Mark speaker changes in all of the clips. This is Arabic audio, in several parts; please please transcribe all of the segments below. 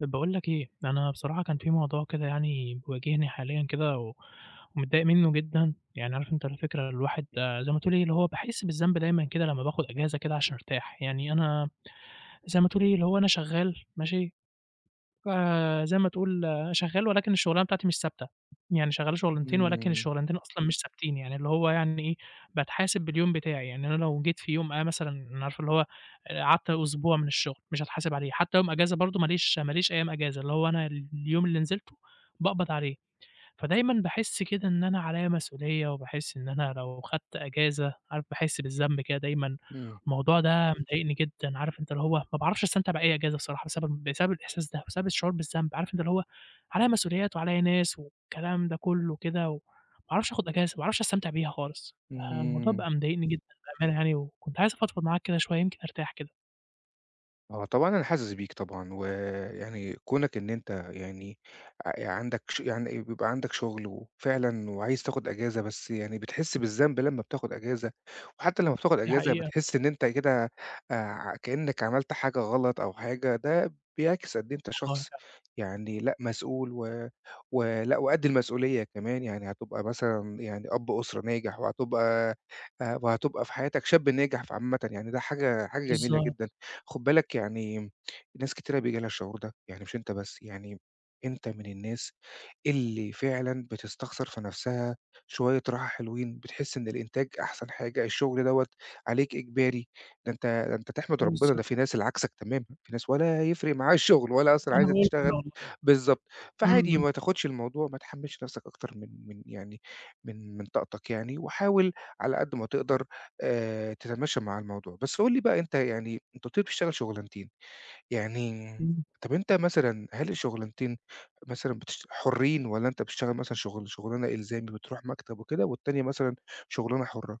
Speaker 1: طب باقول لك إيه، أنا بصراحة كان في موضوع كده يعني بيواجهني حاليًا كده، و ومتضايق منه جدًا، يعني عارف أنت الفكرة الواحد زَي ما تقول إيه، اللي هو باحِس بالذنب دايمًا كده، لمّا باخد أجازة كده عشان أرتاح، يعني أنا زَي ما تقول إيه، اللي هو أنا شغال ماشي، فزَي ما تقول أنا شغال ولكن الشُغلانة بتاعتي مش ثابتة، يعني شغال شُغلانتين، ولكن
Speaker 2: امم.
Speaker 1: الشُغلانتين أصلًا مش ثابتين، يعني اللي هو يعني إيه، باتحاسب باليوم بتاعي، يعني أنا لو جيت في يوم أنا مثلًا عارف اللي هو قعدت أسبوع من الشغل مش هاتحاسب عليه، حتى يوم أجازة برضه، ما ليش ما ليش أيام أجازة، اللي هو أنا ال اليوم اللي نزلته، باقبض عليه، فدايمًا باحِس كده إن أنا عليّا مسؤولية، وباحِس إن أنا لو خدت أجازة عارف باحِس بالذنب كده دايمًا،
Speaker 2: امم.
Speaker 1: الموضوع ده مضايقني جدًا، عارف أنت اللي هو ما باعرفش أستمتع بأي أجازة بصراحة، بسبب بسبب الإحساس ده، بسبب الشعور بالذنب، عارف أنت اللي هو عليّا مسؤوليات، وعليّا ناس والكلام ده كلّه كده، وما باعرفش آخد أجازة، ما باعرفش أستمتع بيها خالص، فالموضوع
Speaker 2: امم.
Speaker 1: بقى مضايقني جدًا بأمانة يعني، وكنت عايز أفضفض معاك كده شوية، يمكن أرتاح كده.
Speaker 2: آه، طبعًا، أنا حاسس بيك طبعًا، ويعني كونك إن أنت يعني أ ي عندك ش يعني بيبقى عندك شُغل، وفعلًا وعايز تاخد أجازة، بس يعني بتحس بالذنب لمّا بتاخد أجازة، وحتى لمّا بتاخد
Speaker 1: دي
Speaker 2: أجازة،
Speaker 1: حقيقة.
Speaker 2: بتحس إن أنت كده آآ، كأنك عملت حاجة غلط أو حاجة، ده بيعكس قد إيه أنت
Speaker 1: والله
Speaker 2: شخص
Speaker 1: فعلًا.
Speaker 2: يعني لأ، مسؤول، و ولأ، وقد المسؤولية كمان، يعني هتبقى مثلًا يعني أب أسرة ناجح، وهتبقى آآ، وهتبقى في حياتك، شاب ناجح. فعامةً يعني ده حاجة حاجة جميلة
Speaker 1: بالضبط.
Speaker 2: جدًا، خُد بالك يعني، ناس كتيرة بييجي لها الشعور ده، يعني مش أنت بس يعني، أنت من الناس اللي فعلًا بتستخسر في نفسها شوية راحة حلوين، بتحس إن الإنتاج أحسن حاجة، الشغل دوّة عليك إجباري، ده أنت ده أنت تحمد ربنا، ده في
Speaker 1: [unintelligible]
Speaker 2: ناس ال عكسك تمامًا، في ناس ولا يفرِق معاها الشُغل، ولا أصلًا
Speaker 1: أنا
Speaker 2: عايزة
Speaker 1: باقول كده
Speaker 2: تشتغل.
Speaker 1: والله.
Speaker 2: بالضبط،
Speaker 1: امم،
Speaker 2: فعادي
Speaker 1: امم.
Speaker 2: ما تاخدش الموضوع ما تحمّلش نفسك أكتر من من يعني من من طاقتك، يعني وحاول على قد ما تقدر آآ، تتماشى مع الموضوع، بس قُل لي بقى أنت يعني أنت قُلت لي بتشتغل شُغلانتين، يعني
Speaker 1: امم.
Speaker 2: طَب أنت مثلًا هل الشُغلانتين مثلًا بتش حرّين، والّا أنت بتشتغل مثلًا شغل شُغلانة إلزامي، بتروح مكتب وكده، والتانية مثلًا شُغلانة حُرّة؟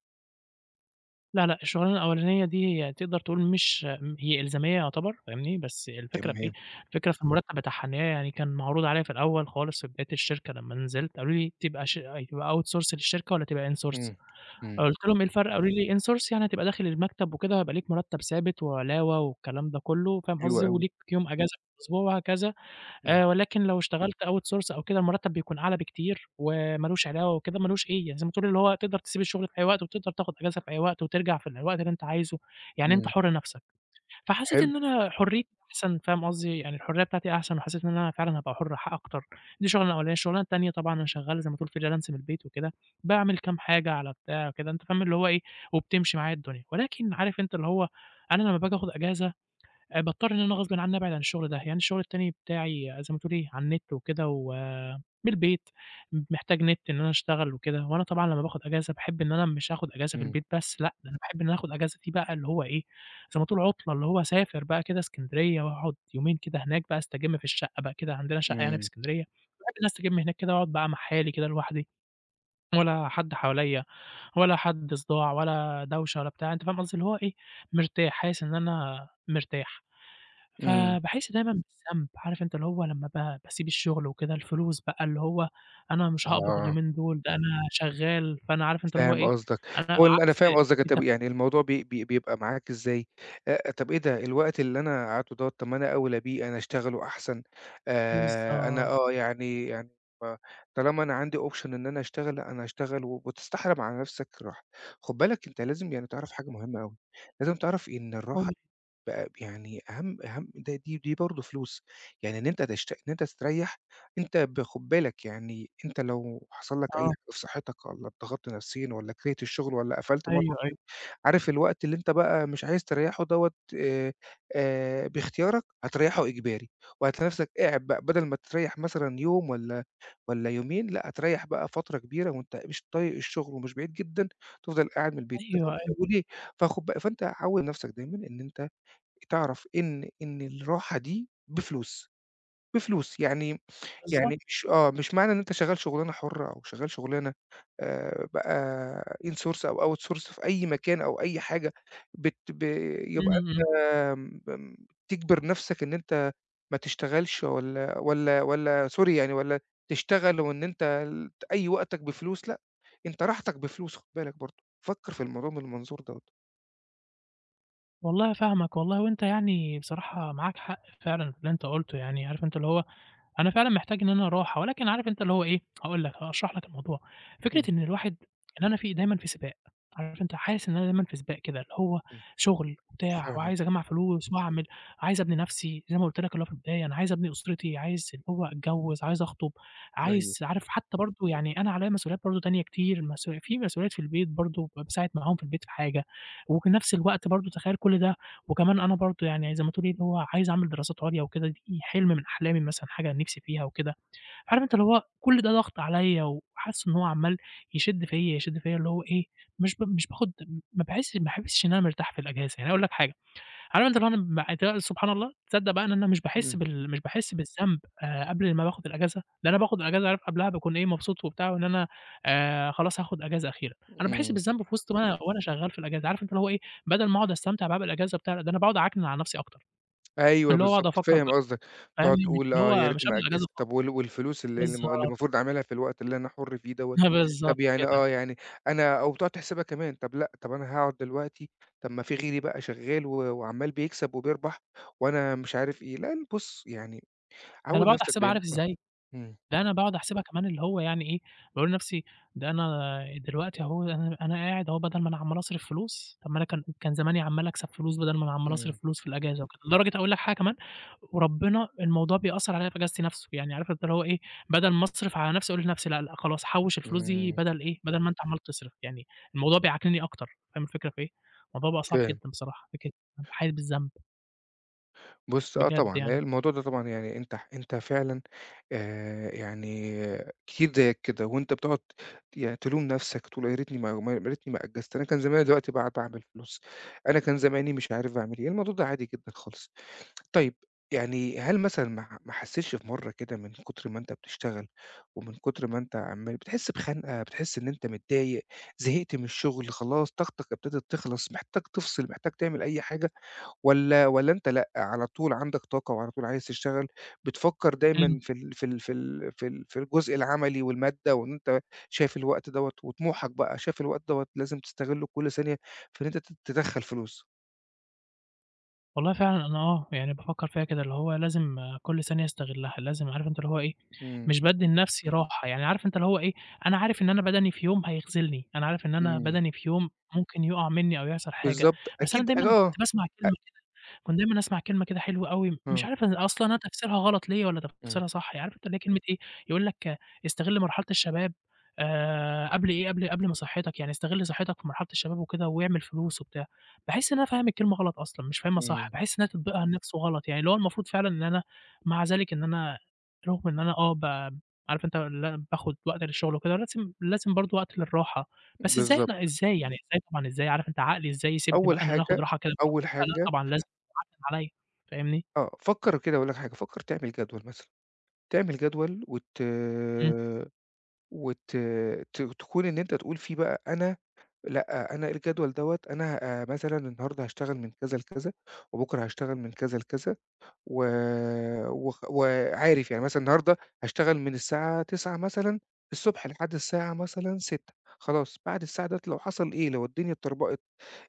Speaker 1: لأ، لأ، الشغلانة الأولانية دي هي تقدر تقول مش هي إلزامية يعتبر، فاهمني بس الفكرة في إيه،
Speaker 2: تمام.
Speaker 1: الفكرة في المرتب بتاعها، إن هي يعني كان معروض عليّ في الأول خالص، في بداية الشركة لما نزلت. قالوا لي: "تبقى ش تبقى out source للشركة، والّا تبقى in source؟"
Speaker 2: إمم. إمم.
Speaker 1: قُلت لهم: "إيه الفرق؟" قالوا لي: "in source يعني هتبقى داخل المكتب وكده، هيبقى ليك مرتب ثابت، وعلاوة، والكلام ده كله." فاهم
Speaker 2: حلو
Speaker 1: قصدي؟
Speaker 2: أوي.
Speaker 1: "وليك يوم أجازة في الأسبوع، وهكذا.
Speaker 2: إمم.
Speaker 1: آآ، ولكن لو اشتغلت out source أو كده، المرتب بيكون أعلى بكتير، وما لوش علاوة وكده ما لوش أيّه، زي ما تقول، اللي هو تقدر تسيب الشغل في أيّ وقت، وتقدر تاخد أجازة في أيّ وقت، وترجع في أيّ وقت، اللي أنت عايزُه، يعني أنت
Speaker 2: إمم.
Speaker 1: حرّ نفسك." فحسيت
Speaker 2: حلو.
Speaker 1: إن أنا حريتي أحسن، فاهم قصدي؟ يعني الحرية بتاعتي أحسن، وحسيت إن أنا فعلًا هابقى حرّ أكتر. دي الشغلانة الأولانية. الشغلانة التانية، طبعًا، أنا شغال، زي ما تقول في Freelancer من البيت وكده. باعمل كام حاجة على بتاع كده، أنت فاهم، اللي هو إيه، وبتمشي معاه الدنيا. ولكن عارف أنت، اللي هو أنا لما باجي آخد أجازة، باضطر إن أنا غصب عني أبعد عن الشغل ده، يعني الشغل التاني بتاعي، زي ما تقول إيه، على النت وكده، ومن البيت، محتاج نت إن أنا أشتغل وكده وأنا طبعًا لما باخد أجازة، باحب إنّي مش هاخد أجازة في
Speaker 2: إمم.
Speaker 1: البيت، بس لأ، أنا باحب إنّي آخد الأجازة دي بقى اللي هو إيه، زي ما تقول عطلة، اللي هو أسافر بقى كده إسكندرية وأقعد يومين كده هناك بقى أستجم في الشقة بقى كده عندنا شقة يعني في
Speaker 2: إمم.
Speaker 1: إسكندرية. أقعد أستجم هناك كده، وأقعد مع حالي كده لوحدي، ولا حد حواليّا، ولا حد صداع، ولا دوشة، ولا بتاع أنت فاهم قصدي؟ اللي هو إيه، مرتاح، حاسس إن أنا مرتاح.
Speaker 2: إمم.
Speaker 1: فاباحس دايمًا بالذنب عارف أنت اللي هو لما ب باسيب الشغل وكده، الفلوس بقى، اللي هو أنا مش هاقبض
Speaker 2: آه.
Speaker 1: اليومين دول. أنا شغال، فأنا عارف أنت اللي هو
Speaker 2: فاهم
Speaker 1: إيه،
Speaker 2: قصدك،
Speaker 1: أنا
Speaker 2: وال أنا
Speaker 1: عكس
Speaker 2: فاهم قصدك. أنت
Speaker 1: التم
Speaker 2: يعني الموضوع ب ب بيبقى معاك إزاي، آآ طَب إيه ده الوقت اللي أنا قَعْدتُه دوَّه، طَب ما أنا أوْلىّ بيه، أنا أشتغله أحسن. آآ أنا
Speaker 1: بالضبط.
Speaker 2: آه يعني يعني ب طالما أنا عندي option إن أنا أشتغل، لأ أنا هأشتغل، وبتستحرم على نفسك الراحة. خُد بالك، أنت لازم يعني تعرف حاجة مهمة أوي. لازم تعرف إن الراحة
Speaker 1: [unintelligible]
Speaker 2: ب يعني أهَمْ أهَمْ، دي دي برضه فلوس. يعني إن أنت تشت إن أنت تستريح، أنت ب خد بالك، يعني أنْتَ لو حصل لك أي
Speaker 1: آه.
Speaker 2: حاجة في صحتك، والّا اضغطت نفسيًا، والّا كَرِهت الشغل، والّا قفلت مرة
Speaker 1: أيوه،
Speaker 2: واحدة.
Speaker 1: أيوه.
Speaker 2: عارف الوقت اللي أنت بقى مش عايز تريحه دوَّه، آآ آآ باختيارك هاتريحه إجباري، وهاتلاقي نفسك قاعد بقى. بدل ما تريح مثلًا يوم والّا والّا يومين، لأ، هاتريح بقى فترة كبيرة وأنت مش طايق الشغل، ومش بعيد جدًا تفضل قاعد من البيت.
Speaker 1: أيوه،
Speaker 2: [unintelligible]
Speaker 1: أيوه.
Speaker 2: وليه؟ فخد ب فأنت عوّد نفسك دايمًا إن أنت تعرف إن إن الراحة دي بفلوس. بفلوس، يعني
Speaker 1: بالضبط.
Speaker 2: يعني مش آه، مش معنى إن أنْتَ شغال شغلانة حرة، أو شغال شغلانة آآ بقى in source أو out source في أي مكان، أو أي حاجة، بت ب يبقى
Speaker 1: إمم.
Speaker 2: م أنت تِجبِر نفسك إن أنت ما تشتغلش، والّا والّا والّا sorry يعني، والّا تشتغل، وإن أنت ت أي وقتك بفلوس. لأ، أنت راحتك بفلوس. خد بالك برضه، فكّر في الموضوع من المنظور دوّة.
Speaker 1: والله فاهمك، والله وأنت يعني بصراحة معاك حق فعلًا في اللي أنت قُلته، يعني عارف أنت اللي هو، أنا فعلًا محتاج إن أنا راحة، ولكن عارف أنت اللي هو إيه، هاقول لك، هاشرح لك الموضوع. فكرة
Speaker 2: إمم.
Speaker 1: إن الواحد، إن أنا في دايمًا في سباق، عارف أنت حاسس إن أنا دايمًا في سباق كده اللي هو،
Speaker 2: إمم،
Speaker 1: شُغل وبتاع وعايز
Speaker 2: فاهمك.
Speaker 1: أجمّع فلوس واعمل، عايز أبني نَفْسي زي ما قُلت لك اللي هو في البداية، أنا عايز أبني أُسرتي، عايز اللي هو أتجوِّز، عايز أخطُب،
Speaker 2: أيوه.
Speaker 1: عايز عارف حتّى برضه يعني أنا عليّا مسؤوليات برضه تانية كتير مسؤولي في مسؤوليات في البيت برضه ب باساعد معاهم في البيت في حاجة، وفي نْفس الوقت برضه تخيّل كل ده وكمان أنا برضه يعني زي ما تقول إيه، اللي هو عايز أعمل دراسات عُليا وكده، دي حِلْم من أحلامي مثلًا، حاجة أنا نِفْسي فيها وكده، عارف أنت اللي هو كل ده ضَغْط عليّا وحاسس إن هو عَمّال يشد فيّا، يشد فيّا اللي هو إيه، مش ب مش باخُد م ما باحِسش بحا ما باحِسش إن أنا مرتاح في الإجازة، يعني أنا هاقول لك حاجة، عارف أنت اللي هو [unintelligible] سبحان الله، تصدّق بقى إن أنا مش باحِس
Speaker 2: إمم.
Speaker 1: بال مش باحِس بالذنب آآ، قبل ما باخُد الإجازة، ده أنا باخُد الإجازة عارف قبلها باكون إيه، مبسوط وبتاع وإن أنا آآ، خلاص هاخُد إجازة أخيرًا، أنا باحِس
Speaker 2: إمم.
Speaker 1: بالذنب في وِسط ما أنا وأنا شغّال في الإجازة، عارف أنت اللي هو إيه، بَدَل ما أقعُد أستمتع بقى بالإجازة وبتاع، لا، ده أنا باقعُد أعكنِن على نَفْسي أكتر،
Speaker 2: أيوه
Speaker 1: اللي هو أقعُد
Speaker 2: بالضبط،
Speaker 1: أفكّر
Speaker 2: فاهم
Speaker 1: بقى
Speaker 2: قصدك، بتقعُد
Speaker 1: فاهمني، مش
Speaker 2: تقول:
Speaker 1: اللي
Speaker 2: "آه يا
Speaker 1: هو مش
Speaker 2: ريتني
Speaker 1: قبل
Speaker 2: ما
Speaker 1: الإجازة
Speaker 2: أجِّزت"،
Speaker 1: خالص،
Speaker 2: طَب وال والفلوس ال اللي الم اللي
Speaker 1: بالضبط.
Speaker 2: المفروض أعملها في الوقت اللي أنا حُر فيه دوّة،
Speaker 1: بالضبط
Speaker 2: طَب يعني
Speaker 1: كده.
Speaker 2: آه، يعني أنا أو تقعُد تحسبها كمان، طَب لأ، طَب أنا هاقعُد دلوقتي، طَب ما في غيري بقى شغّال و وعَمّال بيكسب وبيربح وأنا مش عارف إيه، لأ ل بُص، يعني
Speaker 1: ده أنا
Speaker 2: عوِّد
Speaker 1: باقعُد
Speaker 2: نَفْسك
Speaker 1: أحسبها
Speaker 2: دايم
Speaker 1: عارف
Speaker 2: آه،
Speaker 1: إزاي،
Speaker 2: إمم.
Speaker 1: ده أنا باقعُد أحسبها كمان اللي هو يعني إيه، باقول لنَفْسي، ده أنا دلوقتي أهو أنا أنا قاعد أهو بَدَل ما أنا عَمّال أصرف فلوس، طَب ما أنا كان كان زماني عَمّال أكسب فلوس بَدَل ما أنا عَمّال
Speaker 2: إمم.
Speaker 1: أصرف فلوس في الإجازة وكده، لدرجة أقول لك حاجة كمان، وربِّنا الموضوع بيأثّر عليّا في إجازتي نَفْسه. يعني عارف أنت هو إيه، بَدَل ما أصرف على نَفْسي أقول لنَفْسي لأ، لأ خلاص، حوِّش الفلوس دي
Speaker 2: إمم.
Speaker 1: بَدَل إيه، بَدَل ما أنت عَمّال تصرف. يعني الموضوع بيعكننّي أكتر، فاهم الفكرة في إيه، الموضوع بقى صعب
Speaker 2: فاهم.
Speaker 1: جدًا بصراحة، فكرة بابقى حاسس بالذنب.
Speaker 2: بُص، آه،
Speaker 1: بجد
Speaker 2: طبعًا، لأ،
Speaker 1: يعني.
Speaker 2: الموضوع ده طبعًا يعني أنت ح أنت فعلًا آآ، يعني كتير زَيك كده، وأنت بتقعد يعني تلوم نفسك، وتقول آآ "ياريتني ما ما ياريتني ما أجّزت، أنا كان زماني دلوقتي باع باعمل فلوس، أنا كان زماني" مش عارف باعمل إيه، الموضوع ده عادي جدًا خالص. طيّب يعني هل مثلًا ما ح ما حسّيتش في مرّة كده، من كتر ما أنت بتشتغل، ومن كتر ما أنت عمال بتحس بِخَنقة، بتحس إن أنت متضايق، زهقت من الشغل خلاص، طاقتك ابتدت تِخلص، محتاج تفصل، محتاج تعمل أي حاجة، والّا والّا أنت لأ، على طول عندك طاقة، وعلى طول عايز تشتغل، بتفكر
Speaker 1: إمم.
Speaker 2: دايمًا في ال في ال في ال في ال في الجزء العملي، والمادة، وإن أنت شايف الوقت دوّة، وطموحك بقى شايف الوقت دوّة، لازم تستغل كلّ ثانية في إن أنت ت تِدخّل فلوس؟
Speaker 1: والله فعلًا، أنا آه، يعني بافكر فيها كده، اللي هو لازم كلّ ثانية أستغلها، لازم عارف أنت اللي هو إيه،
Speaker 2: إمم.
Speaker 1: مش بادّي لنفسي راحة يعني. عارف أنت اللي هو إيه، أنا عارف إن أنا بَدَني في يوم هيخذلني، أنا عارف إن أنا
Speaker 2: إمم.
Speaker 1: بَدَني في يوم ممكن يُقع مني، أو يحصل حاجة.
Speaker 2: بالضبط،
Speaker 1: بس أنا
Speaker 2: أكيد
Speaker 1: دايمًا
Speaker 2: آه.
Speaker 1: كنت باسمع
Speaker 2: أ
Speaker 1: كلمة كده، كنت دايمًا أسمّع كلمة كده حلوة أوي، مش
Speaker 2: آه.
Speaker 1: عارف أصلًا أنا تفسيرها غلط ليّا، والّا
Speaker 2: إمم.
Speaker 1: تفسيرها صح. عارف أنت اللي هي كلمة إيه، يقول لك: استغلّ مرحلة الشباب، آآ قبل إيه، قبل قبل ما صحتك يعني استغل صحتك في مرحلة الشباب وكده، واعمل فلوس وبتاع، باحس إن أنا فاهم الكلمة غلط أصلًا، مش فاهمها صح،
Speaker 2: إمم.
Speaker 1: باحس إن هي تطبيقها نفسه غلط يعني، اللي هو المفروض فعلًا إن أنا مع ذلك إن أنا رغم إن أنا آه، ب عارف أنت اللي أنا باخد وقت للشغل وكده، لازم لازم برضه وقت للراحة. بس إزاي؟ أنا
Speaker 2: بالضبط.
Speaker 1: إزاي يعني إزاي طبعًا، إزاي؟ عارف أنت عقلي إزاي يسيبني
Speaker 2: أول
Speaker 1: بقى إن أنا آخد
Speaker 2: حاجة
Speaker 1: راحة؟
Speaker 2: أول
Speaker 1: [unintelligible] لأ
Speaker 2: حاجة
Speaker 1: طبعًا، لازم [unintelligible] عليّا، فاهمني؟
Speaker 2: آه، فكّر كده هأقول لك حاجة، فكّر تعمل جدول مثلًا، تعمل جدول وت
Speaker 1: إمم.
Speaker 2: وت ت تكون إن أنت تقول فيه بقى "أنا لأ، أنا الجدول دوّة، أنا آآ مثلًا النهارده هاشتغل من كذا لكذا، وبُكره هاشتغل من كذا لكذا." و و وعارف يعني مثلًا النهارده هاشتغل من الساعة 09:00 مثلًا الصبح لحد الساعة مثلًا 18:00 خلاص، بعد الساعة ديّة لو حصل إيه، لو الدنيا اتطربقِت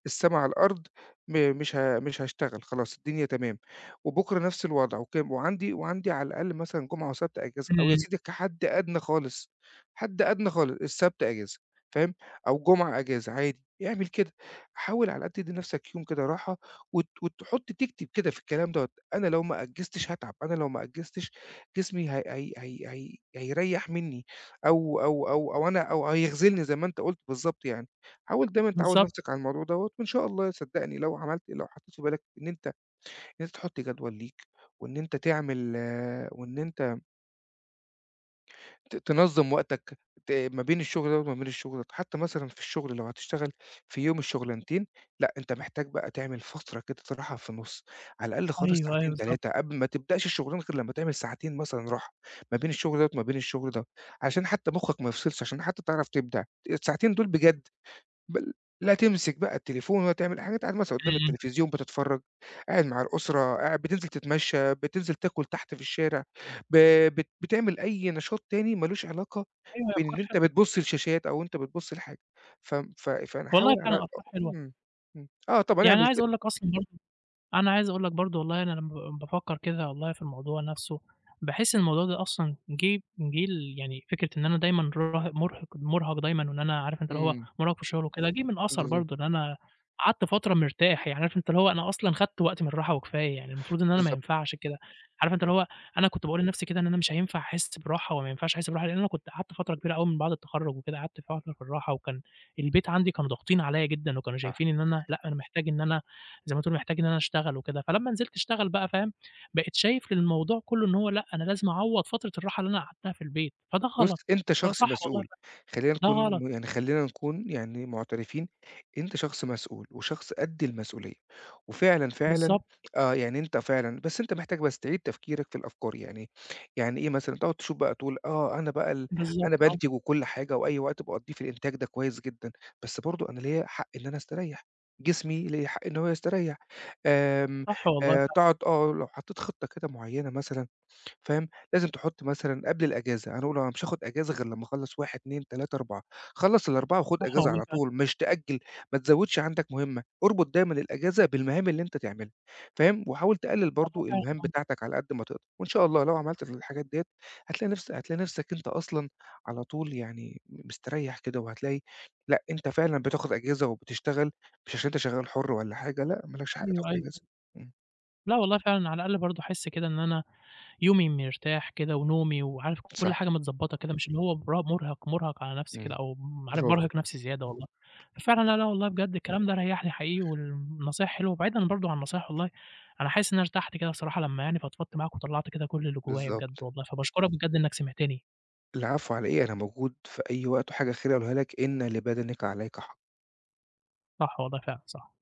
Speaker 2: السماء على الأرض، م مش مش هاشتغل خلاص، الدنيا تمام. وبُكره نفس الوضع. وك وعندي وعندي على الأقل مثلًا جُمعة وسبت أجازة، أو يا
Speaker 1: إمم.
Speaker 2: سيدي كحد ادنى خالص، حد ادنى خالص، السبت أجازة. فاهم، أو الجُمعة أجازة عادي. اعمل كده، حاول على الأقل تدّي نفسك يوم كده راحة، وت وتحط تكتب كده في الكلام دوّة: "أنا لو ما أجّزتش هاتعب، أنا لو ما أجّزتش جسمي هي هي هي هي هيريح منّي، أو أو أو أو أنا أو هيخذلني." زَي ما أنت قُلت بالضبط يعني. حاول دايمًا تعوّد
Speaker 1: بالضبط.
Speaker 2: نفسك على الموضوع دوّة، وإن شاء الله، صدقني، لو عملت لو حطيت في بالك إن أنت إن أنت تحط جدول ليك وإن أنت تعمل وإن أنت ت تنظم وقتك ت ما بين الشغل ده وما بين الشغل ده، حتى مثلًا في الشغل لو هتشتغل في يوم الشغلنتين لأ، أنت محتاج بقى تعمل فترة كده استراحة في النُص، على الأقل خالص
Speaker 1: أيوه، أيوه،
Speaker 2: ساعتين
Speaker 1: بالضبط.
Speaker 2: 3، قبل ما تبدأش الشغلانة غير لمّا تعمل ساعتين مثلًا راحة ما بين الشغل ده وما بين الشغل ده، عشان حتى مخك ما يفصلش، عشان حتى تعرف تبدع، الساعتين دول بجد بل لا تمسك بقى التليفون ولا تعمل اى حاجه، أنت قاعد مثلًا قدام
Speaker 1: إمم.
Speaker 2: التلفزيون بتتفرج، قاعد مع الأسرة، قاعد بتنزل تتمشى، بتنزل تاكُل تحت في الشارع، ب بت بتعمل أي نشاط تاني ما لوش علاقة
Speaker 1: أيوه هى
Speaker 2: بإن
Speaker 1: افكار
Speaker 2: أنت
Speaker 1: حلوة.
Speaker 2: بتبُص لشاشات أو أنت بتبُص لحاجة، فم ف ف
Speaker 1: والله
Speaker 2: فنحاول على على
Speaker 1: فعلًا أفكار حلوة.
Speaker 2: امم، إمم، آه، طَبعًا
Speaker 1: يعني أنا
Speaker 2: اعمِل
Speaker 1: عايز
Speaker 2: كده.
Speaker 1: أقول لك اصلًا برضه، أنا عايز أقول لك برضه والله أنا لمّا لمّا بافكر كده والله في الموضوع نفسه، باحس الموضوع ده أصلًا جِه جِه ليعني فكرة إن أنا دايمًا [unintelligible] مُرهِق مُرهَق دايمًا وإن أنا عارف أنت اللي هو
Speaker 2: إمم.
Speaker 1: مُرهَق في الشغل وكده، جِه من أثَر
Speaker 2: بالضبط.
Speaker 1: برضه إن أنا قعدت فترة مرتاح، يعني عارف أنت اللي هو أنا أصلًا خدت وقتي من الراحة وكفاية، يعني المفروض إن أنا ما
Speaker 2: بالضبط.
Speaker 1: ينفعش كده. عارف أنت اللي
Speaker 2: بالضبط.
Speaker 1: هو أنا كنت باقول لنفسي كده إن أنا مش هينفع أحس براحة وما ينفعش أحس براحة، لأن أنا كنت قعدت فترة كبيرة أوي من بعد التخرج وكد، ه قعدت فترة في الراحة، وكان البيت عندي كانوا ضاغطين عليّا جدًا، وكانوا
Speaker 2: صح.
Speaker 1: شايفين إن أنا لأ، أنا محتاج إن أنا زي ما تقول محتاج إن أنا أشتغل وكده. فلما نزلت أشتغل بقى فاهم، بقيت شايف الموضوع كله إن هو لأ، أنا لازم أعوض فترة الراحة اللي أنا قعدتها في البيت، فده
Speaker 2: بُصّ،
Speaker 1: غلط.
Speaker 2: أنت شخص
Speaker 1: فصح والله
Speaker 2: مسؤول، خلّينا
Speaker 1: فعلًا،
Speaker 2: نكون
Speaker 1: ده غلط.
Speaker 2: يعني خلّينا نكون يعني معترفين، أنت شخص مسؤول وشخص قد المسؤولية، وفعلًا، فعلًا
Speaker 1: بالضبط.
Speaker 2: آه، يعني أنت فعلًا بس أنت محتاج بس تعيد تفكيرك في الأفكار، يعني يعني إيه مثلًا تقعد تشوف بقى تقول آه، أنا بقى ال
Speaker 1: بالضبط،
Speaker 2: أنا
Speaker 1: آه.
Speaker 2: بانتج وكل حاجة، وأي وقت باقضّيه في الإنتاج ده كويس جدًا، بس برضه أنا ليَا حق إن أنا أستريح. جسمي ليّا حق إن هو يستريح، آمم
Speaker 1: صح والله
Speaker 2: آآ،
Speaker 1: فعلًا.
Speaker 2: تقعد تقول آه، لو حطيت خطّة كده معيّنة مثلًا فاهم؟ لازم تحط مثلًا قبل الأجازة. هنقول آه، مش هاخد أجازة غير لما أخلص 1، 2، 3، 4، خلص ال4 وخُد
Speaker 1: صح
Speaker 2: أجازة
Speaker 1: والله
Speaker 2: على
Speaker 1: فعلًا.
Speaker 2: طول، مش تأجل، ما تزودش عندك مٌهمة، اربط دايمًا الأجازة بالمهام اللي أنت تعملها فاهم؟ وحاول تقلّل
Speaker 1: آه،
Speaker 2: برضه
Speaker 1: فاهم،
Speaker 2: المهام
Speaker 1: آه.
Speaker 2: بتاعتك على قد ما تقدر وإن شاء الله لو عملت الحاجات ديّة هتلاقي نفس هتلاقي نفسك أنت أصلًا على طول يعني م مستريح كده وهتلاقي لأ، أنت فعلًا بتاخد أجازة وبتشتغل، مش عشان أنت شغال حُر والّا حاجة لأ ما لكش حق تاخد
Speaker 1: أيوه، أيوه،
Speaker 2: أجازة
Speaker 1: أيوه.
Speaker 2: إمم.
Speaker 1: لأ والله فعلًا، على الأقل برضه أحس كده إن أنا يومي مرتاح كده، ونومي، وعارف كل
Speaker 2: صح.
Speaker 1: حاجة متضبطة كده مش اللي هو برا مٌرهِق مٌرهَق على نفسي كده
Speaker 2: إمم.
Speaker 1: أو ام عارف
Speaker 2: bravo.
Speaker 1: بارهق نفسي زيادة والله. ففعلًا لا، لا
Speaker 2: [unintelligible]
Speaker 1: والله بجد، الكلام ده ريحنى حقيقي والنصايح حلوة. وبعيدًا برضه عن النصايح والله أنا حاسس إن أنا ارتحت كده الصراحة لمّا يعني فضفضت معاك وطلّعت كده كل اللي جوايا بجد
Speaker 2: بالضبط.
Speaker 1: والله فباشكرك بجد إنك سمعتني.
Speaker 2: العفو على إيه، أنا موجود في أي وقت وحاجة أخيرة أقولها لك إن لبدنك عليك حق.
Speaker 1: صح والله، فعلًا صح.